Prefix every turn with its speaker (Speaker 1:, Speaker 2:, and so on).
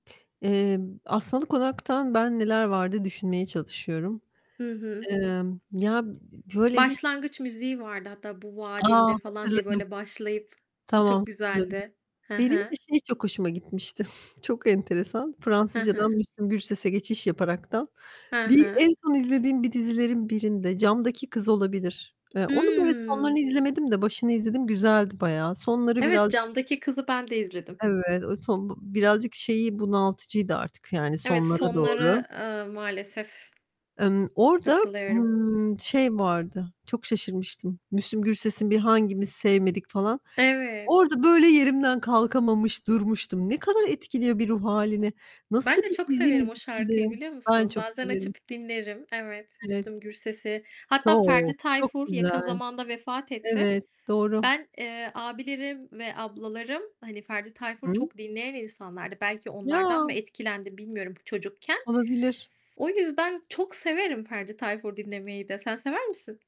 Speaker 1: Emm, Asmalı Konak'tan ben neler vardı düşünmeye çalışıyorum.
Speaker 2: Hı hı.
Speaker 1: Emm, ya, böyle hiç
Speaker 2: Başlangıç müziği vardı hatta "Bu
Speaker 1: A!
Speaker 2: vaadinde" falan diye
Speaker 1: Hatırladım.
Speaker 2: böyle başlayıp, o çok
Speaker 1: Tamam, hatırladım.
Speaker 2: güzeldi. He
Speaker 1: Benim
Speaker 2: he.
Speaker 1: de şey çok hoşuma gitmişti, çok enteresan.
Speaker 2: He
Speaker 1: Fransızcadan
Speaker 2: he.
Speaker 1: Müslüm Gürses'e geçiş yaparaktan,
Speaker 2: He
Speaker 1: bir
Speaker 2: he.
Speaker 1: en son izlediğim bir dizilerin birinde, Camdaki Kız olabilir. Eee, onun böyle sonlarını
Speaker 2: Hımm.
Speaker 1: izlemedim de başını izledim güzeldi bayağı. Sonları
Speaker 2: Evet,
Speaker 1: biraz
Speaker 2: camdaki kızı ben de izledim.
Speaker 1: Evet o son b birazcık şeyi bunaltıcıydı artık, yani,
Speaker 2: Evet,
Speaker 1: sonlara doğru...
Speaker 2: sonları, eee, maalesef...
Speaker 1: Emm, orada,
Speaker 2: Katılıyorum.
Speaker 1: ııı, şey vardı, çok şaşırmıştım. Müslüm Gürses'in bir "Hangimiz Sevmedik" falan.
Speaker 2: Evet.
Speaker 1: Orada böyle yerimden kalkamamış, durmuştum. Ne kadar etkiliyor bir ruh hâlini. Nasıl
Speaker 2: Ben de
Speaker 1: bir
Speaker 2: çok severim
Speaker 1: dizi.
Speaker 2: o şarkıyı,
Speaker 1: [unintelligible]
Speaker 2: biliyor
Speaker 1: Ben
Speaker 2: musun?
Speaker 1: çok
Speaker 2: Bazen
Speaker 1: severim.
Speaker 2: açıp dinlerim. Evet,
Speaker 1: Evet.
Speaker 2: Müslüm Gürses'i, hatta
Speaker 1: Çok,
Speaker 2: Ferdi
Speaker 1: çok
Speaker 2: Tayfur, yakın
Speaker 1: güzel.
Speaker 2: zamanda vefat etti.
Speaker 1: Evet doğru.
Speaker 2: Ben, eee, abilerim ve ablalarım, hani, Ferdi
Speaker 1: Hı
Speaker 2: Tayfur
Speaker 1: hı.
Speaker 2: çok dinleyen insanlardı. Belki onlardan mı
Speaker 1: Ya!
Speaker 2: etkilendim, bilmiyorum çocukken.
Speaker 1: Olabilir.
Speaker 2: O yüzden çok severim Ferdi Tayfur dinlemeyi de. Sen sever misin?